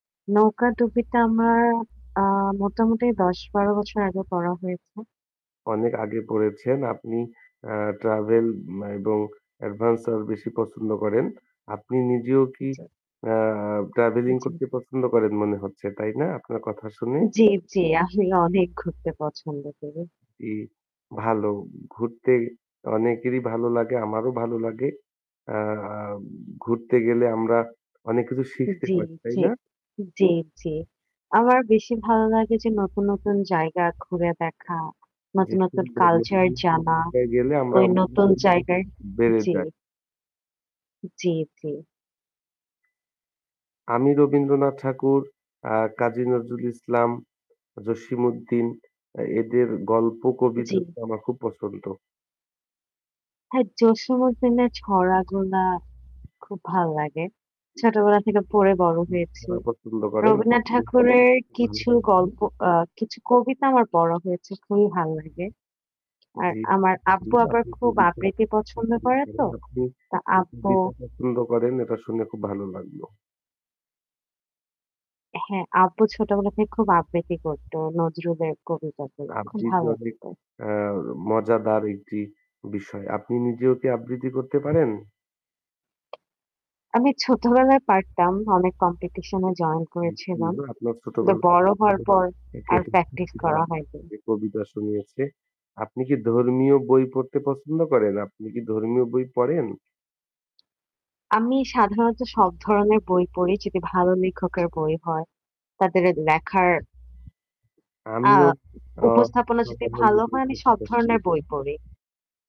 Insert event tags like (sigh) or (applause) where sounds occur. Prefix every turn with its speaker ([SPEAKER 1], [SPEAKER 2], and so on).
[SPEAKER 1] নৌকাডুবি টা আমার অ্যা মোটামুটি ১০-১২ বছর আগে পড়া হয়েছে।
[SPEAKER 2] অনেক আগে পড়েছেন। আপনি অ্যা ট্রাভেল এবং এডভেঞ্চার বেশি পছন্দ করেন। আপনি নিজেও কি
[SPEAKER 1] জি।
[SPEAKER 2] অ্যা ট্রাভেলিং
[SPEAKER 1] জি।
[SPEAKER 2] করতে পছন্দ করেন মনে হচ্ছে, তাই না? আপনার কথা শুনে।
[SPEAKER 1] জি, জি। আমি অনেক ঘুরতে পছন্দ করি।
[SPEAKER 2] ই ভালো। ঘুরতে অনেকেরই ভালো লাগে। আমারও ভালো লাগে। অ্যা ঘুরতে গেলে আমরা অনেক কিছু শিখতে
[SPEAKER 1] জি,
[SPEAKER 2] পারি। তাই
[SPEAKER 1] জি।
[SPEAKER 2] না?
[SPEAKER 1] জি, জি। আমার বেশি ভালো লাগে যে নতুন, নতুন জায়গা ঘুরে দেখা,
[SPEAKER 2] জি,
[SPEAKER 1] নতুন, নতুন
[SPEAKER 2] সুন্দর
[SPEAKER 1] কালচার
[SPEAKER 2] বলেছেন
[SPEAKER 1] জানা,
[SPEAKER 2] (unintelligible) গেলে
[SPEAKER 1] ঐ
[SPEAKER 2] আমরা
[SPEAKER 1] নতুন জায়গায়
[SPEAKER 2] (unintelligible) বেড়ে
[SPEAKER 1] জি।
[SPEAKER 2] যায়।
[SPEAKER 1] জি, জি।
[SPEAKER 2] আমি রবীন্দ্রনাথ ঠাকুর, অ্যা কাজী নজরুল ইসলাম, জসিম উদ্দিন অ্যা এদের গল্প কবিতা
[SPEAKER 1] জি।
[SPEAKER 2] গুলো আমার খুব পছন্দ।
[SPEAKER 1] হ্যাঁ, জসিম উদ্দিনের ছড়া গুলা খুব ভাল লাগে। ছোটবেলা থেকে পড়ে বড় হয়েছি।
[SPEAKER 2] (unintelligible) পছন্দ করেন
[SPEAKER 1] রবীন্দ্রনাথ ঠাকুরের কিছু
[SPEAKER 2] (unintelligible)
[SPEAKER 1] গল্প অ্যা কিছু কবিতা আমার পড়া হয়েছে। খুবই ভাল লাগে। আর
[SPEAKER 2] জি,
[SPEAKER 1] আমার
[SPEAKER 2] জি।
[SPEAKER 1] আব্বু আবার
[SPEAKER 2] আপনি
[SPEAKER 1] খুব
[SPEAKER 2] বলেছেন
[SPEAKER 1] আবৃতি পছন্দ করে তো।
[SPEAKER 2] আপনি
[SPEAKER 1] তো আব্বু
[SPEAKER 2] কবিতা পছন্দ করেন এটা শুনে খুব ভালো লাগলো।
[SPEAKER 1] হ্যাঁ, আব্বু ছোটবেলা থেকে খুব আবৃত্তি করত। নজরুলের কবিতা গুলো খুব
[SPEAKER 2] আবৃত্তি
[SPEAKER 1] ভালো
[SPEAKER 2] অনেক
[SPEAKER 1] লাগতো।
[SPEAKER 2] অ্যা মজাদার একটি বিষয়। আপনি নিজেও কি আবৃত্তি করতে পারেন?
[SPEAKER 1] আমি ছোটবেলায় পারতাম। অনেক কম্পিটিশন এ জয়েন
[SPEAKER 2] জি,
[SPEAKER 1] করেছিলাম।
[SPEAKER 2] সুন্দর। আপনার
[SPEAKER 1] কিন্তু
[SPEAKER 2] ছোটবেলা
[SPEAKER 1] বড় হওয়ার
[SPEAKER 2] (unintelligible)
[SPEAKER 1] পর
[SPEAKER 2] আপনার
[SPEAKER 1] আর প্র্যাকটিস করা
[SPEAKER 2] আব্বু
[SPEAKER 1] হয়নি।
[SPEAKER 2] আপনাকে কবিতা শুনিয়েছে। আপনি কি ধর্মীয় বই পড়তে পছন্দ করেন? আপনি কি ধর্মীয় বই পড়েন?
[SPEAKER 1] আমি সাধারণত সব ধরনের বই পড়ি যদি ভালো লেখকের বই হয় তাদের লেখার অ্যা
[SPEAKER 2] আমিও অ্যা
[SPEAKER 1] উপস্থাপনা
[SPEAKER 2] সব
[SPEAKER 1] যদি
[SPEAKER 2] ধররনের
[SPEAKER 1] ভালো
[SPEAKER 2] বই
[SPEAKER 1] হয় আমি
[SPEAKER 2] পড়তে
[SPEAKER 1] সব
[SPEAKER 2] পছন্দ
[SPEAKER 1] ধরনের
[SPEAKER 2] করি।
[SPEAKER 1] বই পড়ি।